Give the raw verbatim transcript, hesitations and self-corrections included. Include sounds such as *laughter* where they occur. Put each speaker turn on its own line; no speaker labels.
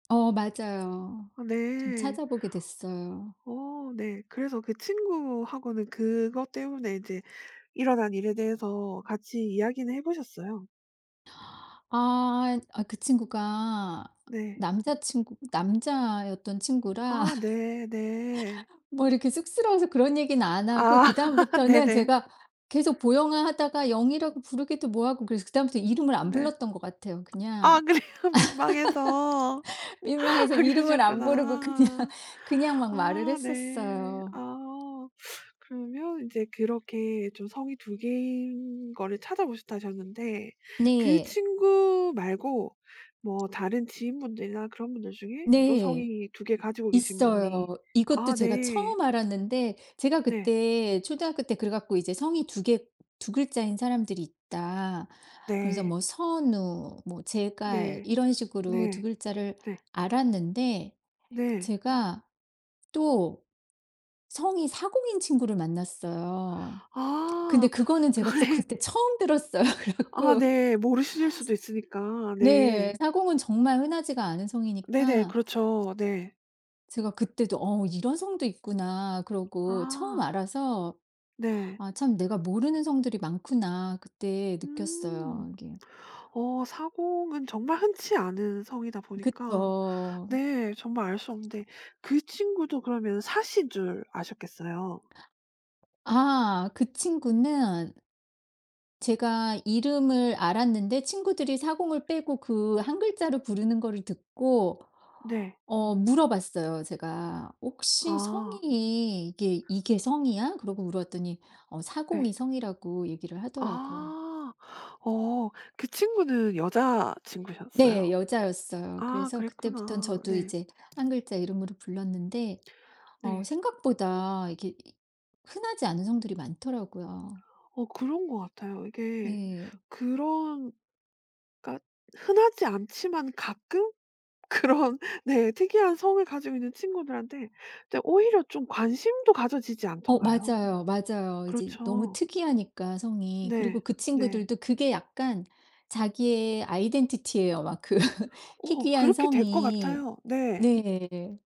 어. 맞아요.
아
좀
네.
찾아보게 됐어요.
어. 네. 그래서 그 친구하고는 그것 때문에 인제 일어난 일에 대해서 같이 이야기는 해 보셨어요?
아 이 아 그 친구가
네.
남자친구 남자였던 친구라
아 네네.
*laughs* 뭐 이렇게 쑥스러워서 그런 얘기는 안 하고
아. *laughs*
그다음부터는
네네.
제가 계속 "보영아." 하다가 영이라고 부르기도 뭐하고 그래서 그다음부터 이름을 안
네.
불렀던 것 같아요 그냥.
아 그래요. 민망해서.
*laughs* 민망해서
아
이름을 안 부르고 그냥,
그러셨구나.
그냥 막
아.
말을
네.
했었어요.
아. 그러면 인제 그렇게 좀 성이 두 개인 거를 찾아보셨다 하셨는데 그
네.
친구 말고 뭐 다른 지인분들이나 그런 분들 중에 또
네.
성이 두 개 가지고 계신 분이
있어요. 이것도
아
제가
네.
처음 알았는데 제가
네.
그때 초등학교 때 그래 갖고 이제 "성이 두 개, 두 글자인 사람들이 있다." 그러면서
네.
뭐 선우 뭐 제갈
네.
이런 식으로 두
네.
글자를
네.
알았는데
네.
제가 또 성이 사공인 친구를 만났어요. 근데
아.
그거는 제가 또
그래
그때 처음 들었어요. 그래
아
갖고
네. 모르실 수도 있으니까.
네.
네.
사공은 정말 흔하지가 않은
네네.
성이니까
그렇죠. 네.
제가 그때도 '어 이런 성도 있구나.' 그러고 처음
아.
알아서
네.
'아 참 내가 모르는 성들이 많구나.' 그때
음.
느꼈어요 이게.
어 사공은 정말 흔치 않은 성이다 보니까
그쵸.
네 정말 알 수 없는데 그 친구도 그러면 사씨인 줄 아셨겠어요.
아. 그 친구는 제가 이름을 알았는데 친구들이 사공을 빼고 그 한 글자를 부르는 거를 듣고
네.
어 물어봤어요 제가. "혹시
아.
성이 이게 이게 성이야?" 그러고 물어봤더니 어
예.
사공이 성이라고 얘기를 하더라고요.
아. 어. 그 친구는 여자친구셨어요?
네. 여자였어요.
아
그래서 그때부턴
그랬구나.
저도
네.
이제 한 글자 이름으로 불렀는데 어
네.
생각보다 이게 이 흔하지 않은 성들이 많더라고요.
어 그런 것 같아요. 이게
네.
그런 그러니까 흔하지 않지만 가끔 그런 네 특이한 성을 가지고 있는 친구들한테 이제 오히려 좀 관심도 가져지지
어.
않던가요?
맞아요, 맞아요. 이제 너무
그렇죠.
특이하니까 성이 그리고
네.
그
네.
친구들도 그게 약간 자기의 아이덴티티예요 막 그
어.
희귀한
그렇게 될 것
성이.
같아요. 네.
네.